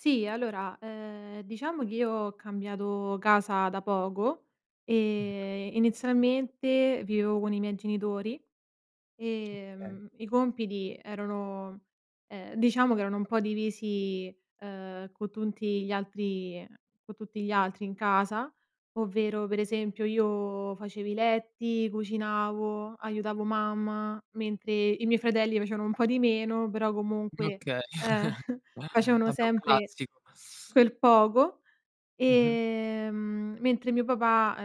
Sì, allora, ehm, diciamo che io ho cambiato casa da poco e inizialmente vivevo con i miei genitori. Okay. Ehm, i compiti erano ehm, diciamo che erano un po' divisi, uhm, con tutti gli altri ehm, con tutti gli altri in casa. Ovvero, per esempio, io facevo i letti, cucinavo, aiutavo mamma, mentre i miei fratelli facevano un po' di meno, però Okay. comunque, uhm, Vabbè facevano un sempre classico. quel poco; Mh-mh. ehm, mentre mio papà,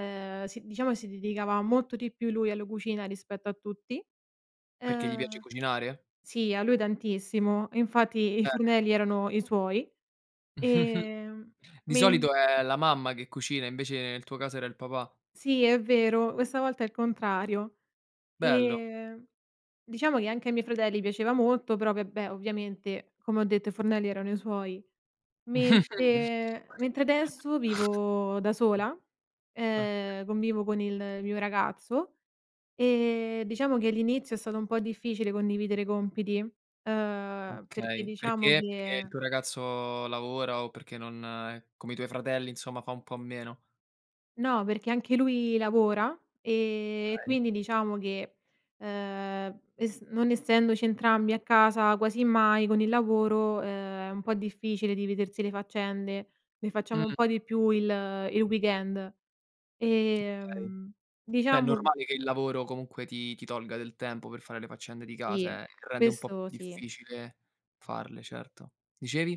ehm, sì, diciamo, si dedicava molto di più lui alla cucina rispetto a tutti. Perché gli Ehm piace cucinare? sì, a lui tantissimo, infatti i Cer fornelli erano i suoi. Ehm, Di men solito è la mamma che cucina, invece nel tuo caso era il papà. Sì, è vero, questa volta è il contrario. Bello. Ehm, diciamo che anche ai miei fratelli piaceva molto, però vabbè, ovviamente, come ho detto, i fornelli erano i suoi. Mentre mentre adesso vivo da sola, ehm, convivo con il mio ragazzo, ehm, diciamo che all'inizio è stato un po' difficile condividere compiti, uhm, perché Okay, diciamo perché? Perché il che tuo ragazzo lavora o perché non è come i tuoi fratelli, insomma, fa un po' a meno? No, perché anche lui lavora, ehm, e Okay. quindi diciamo che, ehm, e s non essendoci entrambi a casa quasi mai con il lavoro, ehm, è un po' difficile dividersi le faccende, ne facciamo un Mh-mh. po' di più il il weekend. Okay. Ehm, È diciamo normale che il lavoro comunque ti ti tolga del tempo per fare le faccende di Sì casa, eh, eh. Rende un po' questo sì. difficile farle, certo. Dicevi?